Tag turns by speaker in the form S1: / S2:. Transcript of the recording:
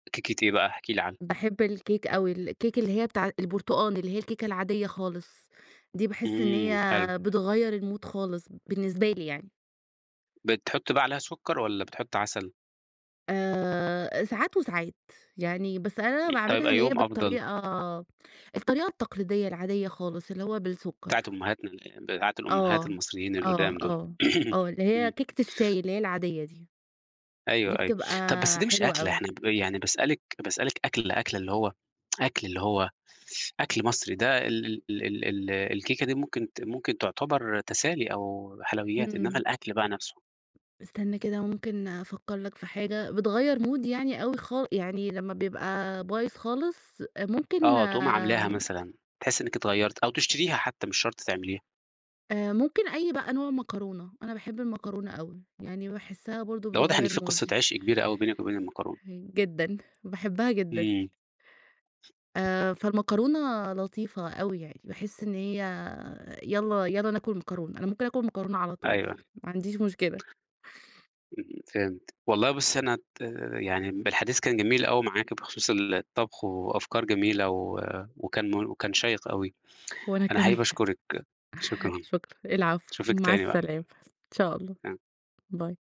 S1: كيكة إيه بقى احكي لي عنها؟
S2: باحب الكيك أوي، الكيك اللي هي بتاع البرتقال، اللي هي الكيكة العادية خالص، دي باحس إن هي
S1: إمم، حلو.
S2: بتغيّر الMood خالص، بالنسبة لي يعني.
S1: بتحطّي بقى عليها سُكّر، والّا بتحطّي عسل؟
S2: آآ، ساعات وساعات يعني بس أنا
S1: [unintelligible] طيب
S2: باعملها اللي هي
S1: أيّهم أفضل؟
S2: بالطريقة الطريقة التقليدية العادية خالص اللي هو بالسُكّر.
S1: بتاعة أمهاتنا ال بتاعة الأمهات
S2: آه،
S1: المصريين
S2: آه،
S1: القدام دول.
S2: آه، آه اللي هي
S1: إمم.
S2: كيكة الشاي، اللي هي العادية دي، دي
S1: أيوه، أيوه،
S2: بتبقى
S1: طَب بس دي مش
S2: حلوة
S1: أكلة
S2: أوي.
S1: إحنا ب يعني باسألِك باسألِك أكلة، أكلة، اللي هو أكل، اللي هو أكل مصري، ده ال ال ال ال ال الكيكة دي ممكن ت ممكن تعتبر تسالي أو حلويات، إنّما
S2: إمم.
S1: الأكل بقى نفْسه.
S2: استنى كده ممكن أفكّر لك في حاجة، بتغيّر مودي يعني أوي خال يعني لمّا بيبقى بايظ خالص، أ ممكن
S1: آه تقومي عملاها
S2: آمم
S1: مثلًا، تحسّي إنِّك اتغيّرتِ، أو تشتريها حتّى مش شرط تعمليها.
S2: آآ ممكن أي بقى نوع مكرونة، أنا باحب المكرونة أوي، يعني باحسّها برضه
S1: ده واضح إن في
S2: بتغيّر
S1: قصّة
S2: مودي.
S1: عشق كبيرة أوي بينِك وبين المكرونة.
S2: هين جدًا، باحبها جدًا.
S1: إمم.
S2: آآ فالمكرونة لطيفة أوي يعني، باحس إن هي يلّا يلّا ناكل مكرونة، أنا ممكن آكل مكرونة على طول،
S1: أيوه.
S2: ما عنديش مشكلة.
S1: إمم، فهمت، والله بُصّي أنا ت آآ يعني م الحديث كان جميل أوي معاكِ بخصوص الطبخ، وأفكار جميلة و وكان مور وكان شيّق أوي،
S2: وأنا
S1: أنا حقيقي
S2: كمان.
S1: باشكرِك، شكرًا،
S2: شكرًا، العفو،
S1: اشوفِك
S2: مع
S1: تاني بقى.
S2: السلامة، إن شاء الله،
S1: [unintelligible]
S2: Bye.